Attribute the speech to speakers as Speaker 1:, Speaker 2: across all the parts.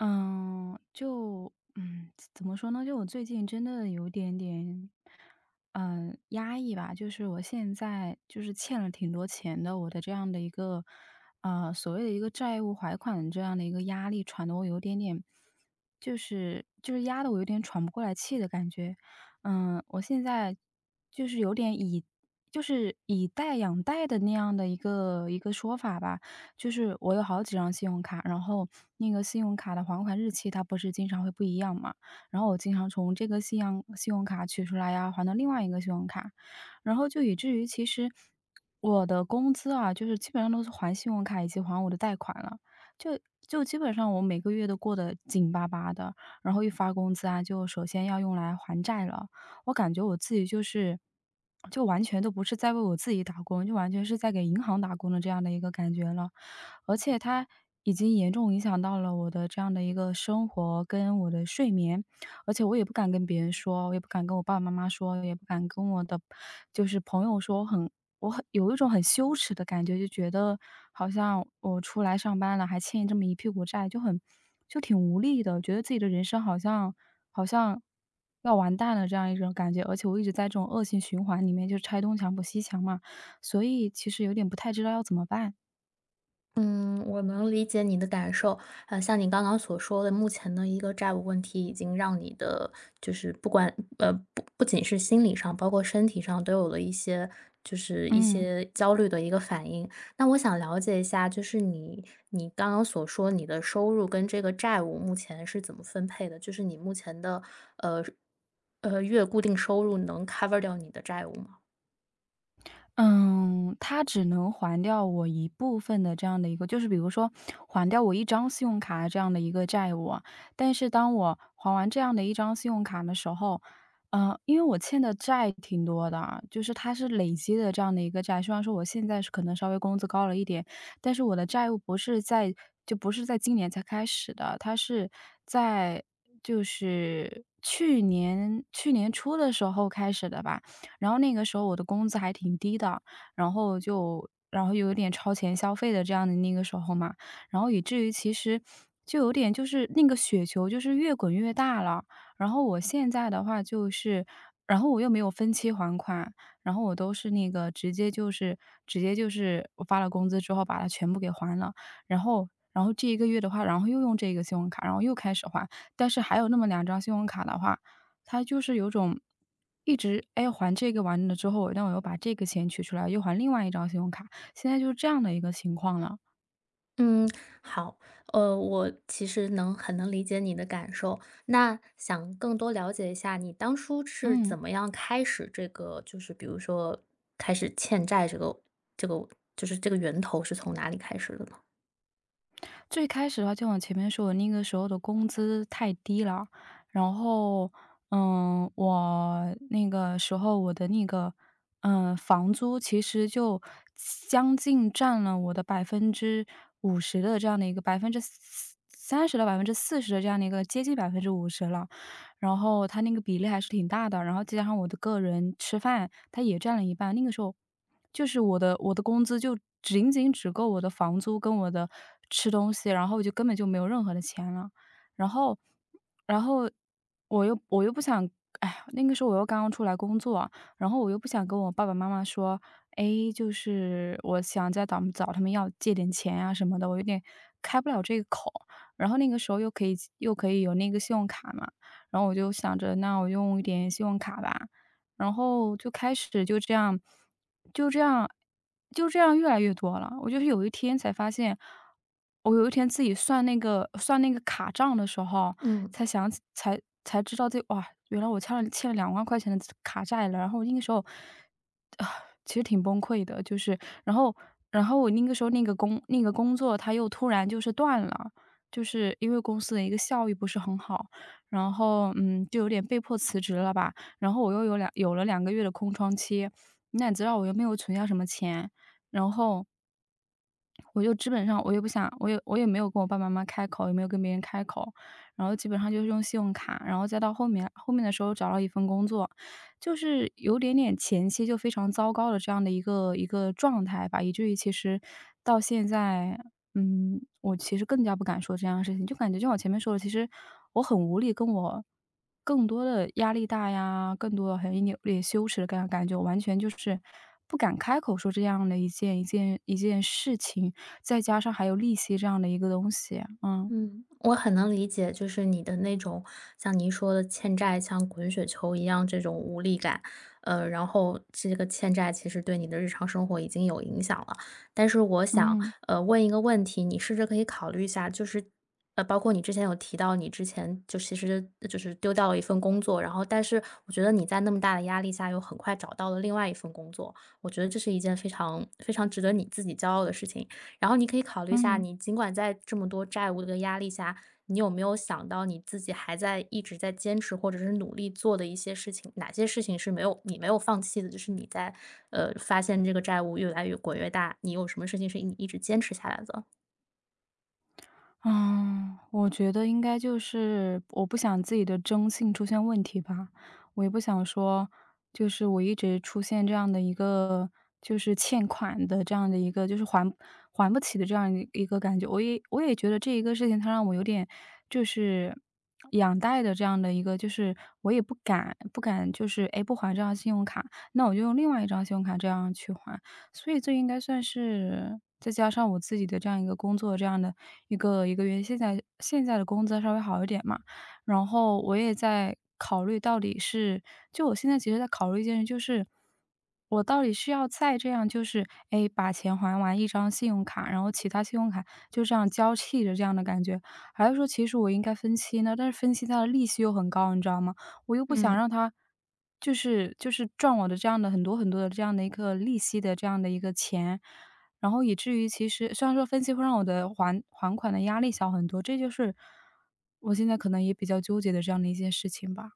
Speaker 1: 呃，就嗯，怎怎么说呢，就我最近真的有一点点，呃，压抑吧。就是我现在，就是欠了挺多钱的，我的这样的一个呃，所谓的一个债务还款这样的一个压力，喘的我有点点，就是就是压得我有点喘不过来气的感觉。嗯，我现在就是有点，以就是以贷养贷的那样的一个一个说法吧。就是我有好几张信用卡，然后那个信用卡的还款日期，它不是经常会不一样嘛。然后我经常从这个信样信用卡取出来啊，还到另外一个信用卡，然后就以至于其实，我的工资啊，就是基本上都是还信用卡以及还我的贷款了。就就基本上我每个月都过得紧巴巴的，然后一发工资啊，就首先要用来还债了。我感觉，我自己就是，就完全都不是在为我自己打工，就完全是在给银行打工的这样的一个感觉了。而且它已经严重影响到了我的这样的一个生活，跟我的睡眠。而且我也不敢跟别人说，我也不敢跟我爸爸妈妈说，我也不敢跟我的就是朋友说，很我很有一种很羞耻的感觉，就觉得好像我出来上班了，还欠这么一屁股债，就很就挺无力的。我觉得自己的人生好像好像要完蛋了这样一种感觉，而且我一直在这种恶性循环里面就是拆东墙补西墙嘛，所以其实有点不太知道要怎么办。
Speaker 2: 嗯，我能理解你的感受。呃，像你刚刚所说的，目前的一个债务问题已经让你的就是不管呃，不不仅是心理上，包括身体上都有了一些就是一
Speaker 1: 嗯。
Speaker 2: 些，焦虑的一个反应。那我想了解一下，就是你你刚刚所说，你的收入跟这个债务目前是怎么分配的？就是你目前的，呃，呃，月固定收入能 cover 掉你的债务吗？
Speaker 1: 嗯，它只能还掉我一部分的这样的一个就是比如说，还掉我一张信用卡这样的一个债务。但是当我还完这样的一张信用卡的时候，呃，因为我欠的债挺多的，就是它是累积的这样的一个债。虽然说我现在是可能稍微工资高了一点，但是我的债务不是在就不是在今年才开始的，它是在就是去年去年初的时候开始的吧。然后那个时候我的工资还挺低的，然后就然后，又有点超前消费的这样的那个时候嘛，然后以至于，其实就有点就是那个雪球就是越滚越大了。然后我现在的话就是然后我又没有分期还款，然后我都是那个，直接就是直接就是，我发了工资之后把它全部给还了。然后然后这一个月的话，然后又用这个信用卡，然后又开始还。但是还有那么2张信用卡的话，它就是有种一直唉，还这个完了之后，但我又把这个钱取出来，又还另外一张信用卡，现在就是这样的一个情况了。
Speaker 2: 嗯，好。呃，我其实能很能理解你的感受，那想更多了解一下你当初是
Speaker 1: 嗯。
Speaker 2: 怎么样开始这个就是比如说，开始欠债这个这个就是这个源头是从哪里开始的呢？
Speaker 1: 最开始的话就往前面说，我那个时候的工资太低了。然后，呃，我那个时候，我的那个，呃，房租其实就将近占了我的50%的这样的一个30%到40%的这样的一个接近50%了。然后它那个比例还是挺大的，然后再加上我的个人吃饭，它也占了一半，那个时候，就是我的我的工资就仅仅只够我的房租跟我的吃东西，然后我就根本就没有任何的钱了。然后然后我又我又不想唉，那个时候我又刚刚出来工作，然后我又不想跟我爸爸妈妈说：“哎，就是我想再找找他们要借点钱啊什么的，”我有点开不了这个口。然后那个时候，又可以又可以有那个信用卡嘛，然后我就想着那我用一点信用卡吧。然后，就开始，就这样就这样就这样越来越多了。我就是有一天才发现，我有一天自己算那个算那个卡账的时候，
Speaker 2: 嗯。
Speaker 1: 才想起才才知道这，“哇，原来我欠了欠了2万块钱的卡债了，”然后那个时候，其实挺崩溃的，就是然后然后我那个时候那个工那个工作，它又突然就是断了，就是因为公司的一个效益不是很好，然后，嗯，就有点被迫辞职了吧。然后，我又有2有了2个月的空窗期，那你知道我又没有存下什么钱。然后我就基本上，我也不想我也我也没有跟我爸爸妈妈开口，也没有跟别人开口。然后基本上就用信用卡，然后再到后面后面的时候找到了一份工作，就是有点点前期就非常糟糕的，这样的一个一个状态吧。以至于其实到现在嗯，我其实更加不敢说这样的事情，就感觉就像我前面说的，其实我很无力，跟我更多的压力大呀，更多的还扭有点羞耻的感感觉，感觉完全就是不敢开口说这样的一件一件一件事情，再加上还有利息这样的一个东西。嗯。
Speaker 2: 嗯，我很能理解。就是你的那种，像您说的欠债，像滚雪球一样这种无力感。呃，然后这个欠债其实对你的日常生活已经有影响了。但是我想
Speaker 1: 嗯。
Speaker 2: 呃，问一个问题，你试着可以考虑一下，就是，呃，包括你之前有提到，你之前就其实就是丢掉了一份工作，然后但是我觉得你在那么大的压力下又很快找到了另外一份工作，我觉得这是一件非常非常值得你自己骄傲的事情。然后你可以考虑一下，
Speaker 1: 嗯。
Speaker 2: 你尽管在这么多债务的压力下，你有没有想到你自己还在一直在坚持，或者是努力做的一些事情，哪些事情是没有你没有放弃的？就是你在呃，发现这个债务越来越滚越大，你有什么事情是一一直坚持下来的？
Speaker 1: 啊，我觉得应该就是我不想自己的征信出现问题吧。我也不想说，就是我一直出现这样的一个，就是欠款的这样的一个就是还还不起的这样一一个感觉。我也我也觉得这一个事情它让我有点，就是养贷的这样的一个，就是我也不敢不敢，就是，诶，不还这张信用卡，那我就用另外一张信用卡这样去还。所以这应该算是再加上我自己的这样一个工作，这样的1个1个月，现在现在的工资稍微好一点嘛。然后我也在考虑到底是就我现在其实在考虑一件事，就是，我到底是要再这样就是诶，把钱还完一张信用卡，然后其它信用卡就这样交替的这样的感觉，还是说其实我应该分期呢。但是分期它的利息又很高，你知道吗？我又不想
Speaker 2: 嗯。
Speaker 1: 让它，就是就是赚我的这样的很多很多的这样的一个利息的这样的一个钱，然后以至于其实虽然说分期会让我的还还款的压力小很多，这就是我现在可能也比较纠结的这样的一件事情吧。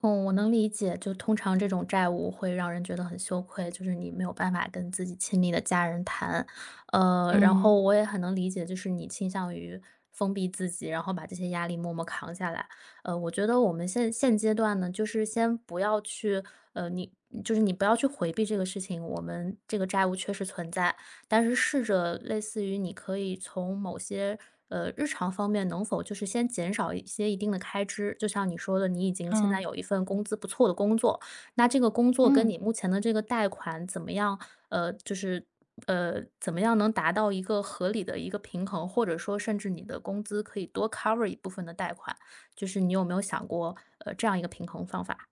Speaker 2: 嗯，我能理解，就通常这种债务会让人觉得很羞愧，就是你没有办法跟自己亲密的家人谈。呃，然
Speaker 1: 嗯。
Speaker 2: 后我也很能理解，就是你倾向于封闭自己，然后把这些压力默默扛下来。呃，我觉得我们现现阶段呢，就是先不要去呃，你就是你不要去回避这个事情。我们这个债务确实存在，但是试着类似于你可以从某些呃，日常方面能否就是先减少一些一定的开支。就像你说的，你已经现在
Speaker 1: 嗯。
Speaker 2: 有一份工资不错的工作，那这个工作跟
Speaker 1: 嗯。
Speaker 2: 你目前的这个贷款，怎么样？呃，就是呃，怎么样能达到一个合理的一个平衡，或者说甚至你的工资可以多 cover 一部分的贷款，就是你有没有想过呃，这样一个平衡方法？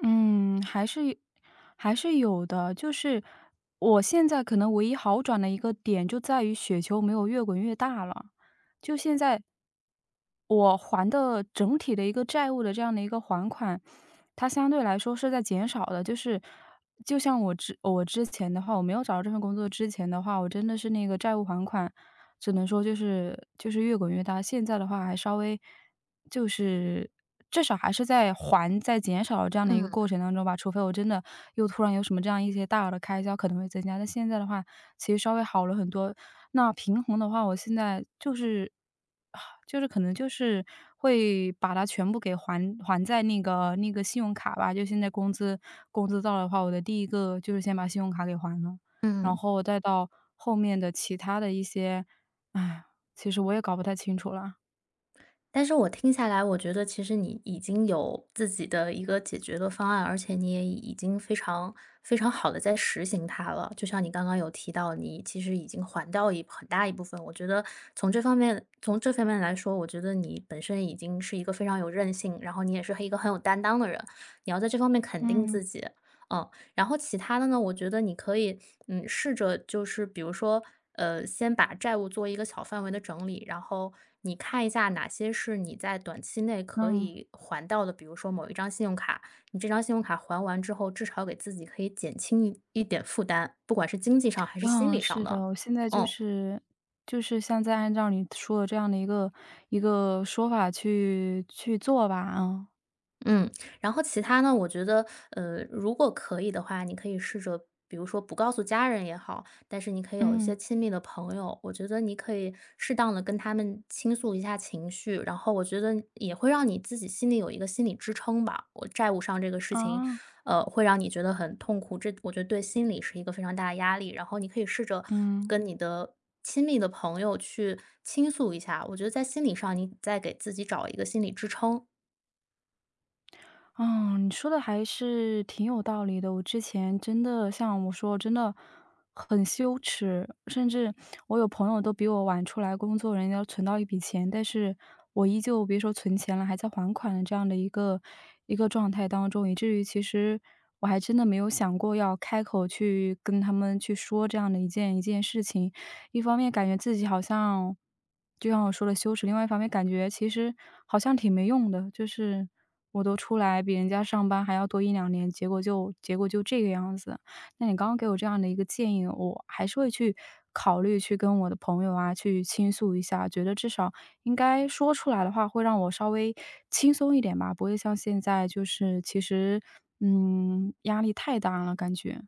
Speaker 1: 嗯，还是有还是有的。就是，我现在可能唯一好转的一个点，就在于雪球没有越滚越大了，就现在我还的整体的一个债务的这样的一个还款，它相对来说是在减少的。就是就像我之我之前的话，我没有找到这份工作之前的话，我真的是那个债务还款，只能说就是就是越滚越大。现在的话，还稍微，就是，至少还是在还、在减少这样的一个
Speaker 2: 嗯。
Speaker 1: 过程当中吧。除非我真的又突然有什么这样一些大额的开销，可能会增加，但现在的话，其实稍微好了很多。那平衡的话，我现在，就是就是，呃，可能就是会把它全部给还还在那个那个信用卡吧就现在工资工资到了的话，我的第1个就是先把信用卡给还了。然
Speaker 2: 嗯。
Speaker 1: 后再到后面的其他的一些 其实我也搞不太清楚了。
Speaker 2: 但是我听下来，我觉得其实你已经有自己的一个解决的方案，而且你也已已经非常非常好地在施行它了。就像你刚刚有提到，你其实已经还掉一很大一部分。我觉得从这方面从这方面来说，我觉得你本身已经是一个非常有韧性，然后你也是很一个很有担当的人，你要在这方面肯定
Speaker 1: 嗯。
Speaker 2: 自己，嗯。然后其它的呢，我觉得你可以，嗯，试着就是比如说，呃，先把债务做一个小范围的整理，然后你看一下哪些是你在短期内可
Speaker 1: 嗯。
Speaker 2: 以还掉的，比如说某一张信用卡。你这张信用卡还完之后，至少给自己可以减轻一一点负担，不管是经济上还是心
Speaker 1: 嗯，
Speaker 2: 理上
Speaker 1: 是的。
Speaker 2: 的，
Speaker 1: 我现在就
Speaker 2: 嗯。
Speaker 1: 是就是现在按照你说的这样的一个一个说法去去做吧，啊。
Speaker 2: 嗯，然后其它呢，我觉得，呃，如果可以的话，你可以试着比如说不告诉家人也好，但是你可以有一些
Speaker 1: 嗯。
Speaker 2: 亲密的朋友，我觉得你可以适当地跟他们倾诉一下情绪，然后我觉得也会让你自己心里有一个心理支撑吧。我债务上这个事情，
Speaker 1: 哦。
Speaker 2: 呃，会让你觉得很痛苦，这我觉得对心理是一个非常大的压力，然后你可以试着
Speaker 1: 嗯。
Speaker 2: 跟你的亲密的朋友去倾诉一下，我觉得在心理上你再给自己找一个心理支撑。
Speaker 1: 嗯，你说的还是挺有道理的。我之前真的像我说，真的很羞耻，甚至我有朋友都比我晚出来工作，人家都存到一笔钱，但是我依旧别说存钱了，还在还款的这样的一个一个状态当中。以至于其实我还真的没有想过要开口去跟他们去说这样的一件一件事情。一方面感觉自己好像就像我说的羞耻，另外一方面感觉其实好像挺没用的，就是我都出来比人家上班还要多1-2年，结果就结果就这个样子。那你刚刚给我这样的一个建议，我还是会去考虑去跟我的朋友啊去倾诉一下，觉得至少应该说出来的话会让我稍微轻松一点吧，不会像现在就是其实嗯，压力太大了感觉。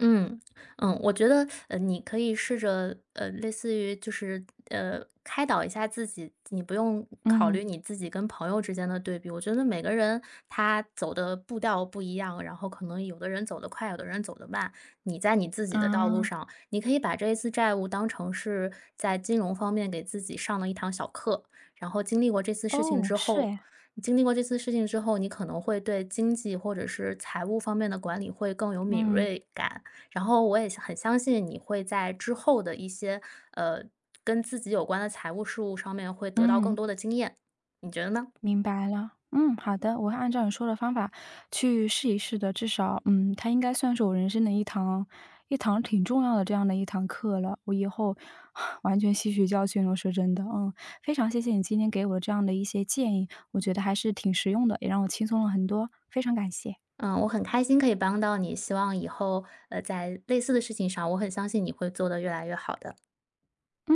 Speaker 2: 嗯，嗯，我觉得，呃，你可以试着呃，类似于就是，呃，开导一下自己。你不用考
Speaker 1: 嗯。
Speaker 2: 虑你自己跟朋友之间的对比，我觉得每个人他走的步调不一样，然后可能有的人走得快，有的人走得慢。你在你自己的道路
Speaker 1: 嗯。
Speaker 2: 上，你可以把这一次债务当成是在金融方面给自己上了一堂小课，然后经历过这次事情
Speaker 1: 哦，
Speaker 2: 之
Speaker 1: 是
Speaker 2: 后
Speaker 1: 呀。
Speaker 2: 你经历过这次事情之后，你可能会对经济或者是财务方面的管理会更有敏
Speaker 1: 嗯。
Speaker 2: 锐感。然后我也相很相信你会在之后的一些，呃，跟自己有关的财务事务上面会得到更
Speaker 1: 嗯。
Speaker 2: 多的经验，你觉得呢？
Speaker 1: 明白了，嗯，好的，我会按照你说的方法去试一试的，至少，嗯，它应该算是我人生的一堂一堂挺重要的这样的一堂课了，我以后 完全吸取教训了，说真的，嗯。非常谢谢你今天给我的这样的一些建议，我觉得还是挺实用的，也让我轻松了很多，非常感谢。
Speaker 2: 嗯，我很开心可以帮到你，希望以后，呃，在类似的事情上，我很相信你会做得越来越好的。
Speaker 1: 嗯。